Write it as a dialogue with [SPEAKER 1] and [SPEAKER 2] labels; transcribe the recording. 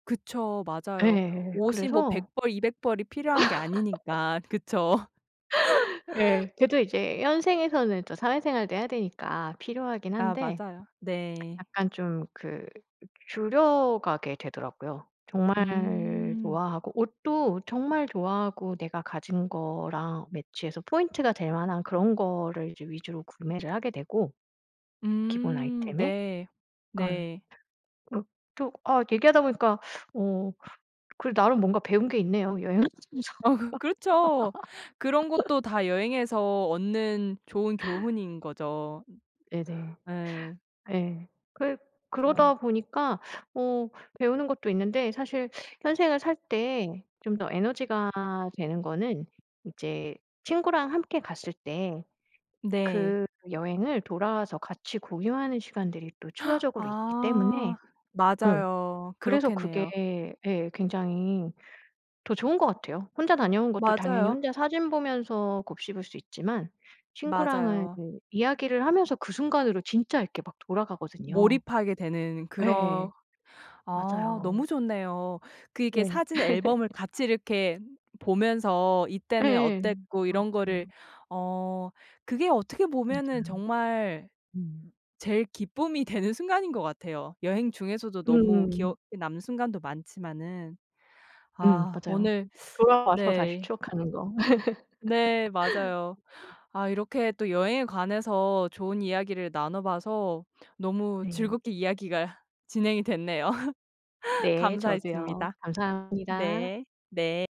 [SPEAKER 1] 그쵸. 맞아요.
[SPEAKER 2] 예
[SPEAKER 1] 옷이 뭐 백
[SPEAKER 2] 그래서
[SPEAKER 1] 벌 200벌 이 필요한 게 아니니까. 그쵸.
[SPEAKER 2] 예 그래도 이제 현생에서는 또 사회생활도 해야 되니까 필요하긴
[SPEAKER 1] 아
[SPEAKER 2] 한데
[SPEAKER 1] 맞아요. 네.
[SPEAKER 2] 약간 좀 그 줄여가게 되더라고요. 정말
[SPEAKER 1] 음.
[SPEAKER 2] 좋아하고 옷도 정말 좋아하고 내가 가진 거랑 매치해서 포인트가 될 만한 그런 거를 이제 위주로 구매를 하게 되고 기본
[SPEAKER 1] 음
[SPEAKER 2] 아이템에
[SPEAKER 1] 네.
[SPEAKER 2] 약간
[SPEAKER 1] 네.
[SPEAKER 2] 그 또 아 얘기하다 보니까 어 그래도 나름 뭔가 배운 게 있네요 여행하면서.
[SPEAKER 1] 어 그 그렇죠. 그런 것도 다 여행에서 얻는 좋은 교훈인 거죠.
[SPEAKER 2] 네네.
[SPEAKER 1] 예.
[SPEAKER 2] 예. 그
[SPEAKER 1] 어.
[SPEAKER 2] 그러다 보니까 어 배우는 것도 있는데 사실 현생을 살 때 좀 더 에너지가 되는 거는 이제 친구랑 함께 갔을 때
[SPEAKER 1] 네.
[SPEAKER 2] 그 여행을 돌아와서 같이 공유하는 시간들이 또 추가적으로 있기 때문에
[SPEAKER 1] 아
[SPEAKER 2] 음
[SPEAKER 1] 맞아요.
[SPEAKER 2] 그래서
[SPEAKER 1] 그렇겠네요.
[SPEAKER 2] 그게 예 굉장히 더 좋은 것 같아요. 혼자 다녀온 것도 당연히
[SPEAKER 1] 맞아요.
[SPEAKER 2] 혼자 사진 보면서 곱씹을 수 있지만 친구랑은
[SPEAKER 1] 맞아요.
[SPEAKER 2] 그 이야기를 하면서 그 순간으로 진짜 이렇게 막 돌아가거든요.
[SPEAKER 1] 몰입하게 되는 그런
[SPEAKER 2] 예.
[SPEAKER 1] 아
[SPEAKER 2] 맞아요.
[SPEAKER 1] 너무 좋네요. 그 이렇게
[SPEAKER 2] 네.
[SPEAKER 1] 사진 앨범을 같이 이렇게 보면서 이때는
[SPEAKER 2] 예예.
[SPEAKER 1] 어땠고 이런 거를
[SPEAKER 2] 맞아요.
[SPEAKER 1] 어 그게 어떻게 보면은
[SPEAKER 2] 맞아요.
[SPEAKER 1] 정말
[SPEAKER 2] 음.
[SPEAKER 1] 제일 기쁨이 되는 순간인 것 같아요. 여행 중에서도 너무
[SPEAKER 2] 음.
[SPEAKER 1] 기억에 남는 순간도 많지만은.
[SPEAKER 2] 음
[SPEAKER 1] 아
[SPEAKER 2] 맞아요.
[SPEAKER 1] 오늘
[SPEAKER 2] 돌아와서 다시
[SPEAKER 1] 네.
[SPEAKER 2] 추억하는 거.
[SPEAKER 1] 네 맞아요.
[SPEAKER 2] [unintelligible]
[SPEAKER 1] 아 이렇게 또 여행에 관해서 좋은 이야기를 나눠봐서 너무
[SPEAKER 2] 네.
[SPEAKER 1] 즐겁게 이야기가 진행이 됐네요.
[SPEAKER 2] 네 저도요.
[SPEAKER 1] 감사했습니다.
[SPEAKER 2] 감사합니다.
[SPEAKER 1] 네. 네.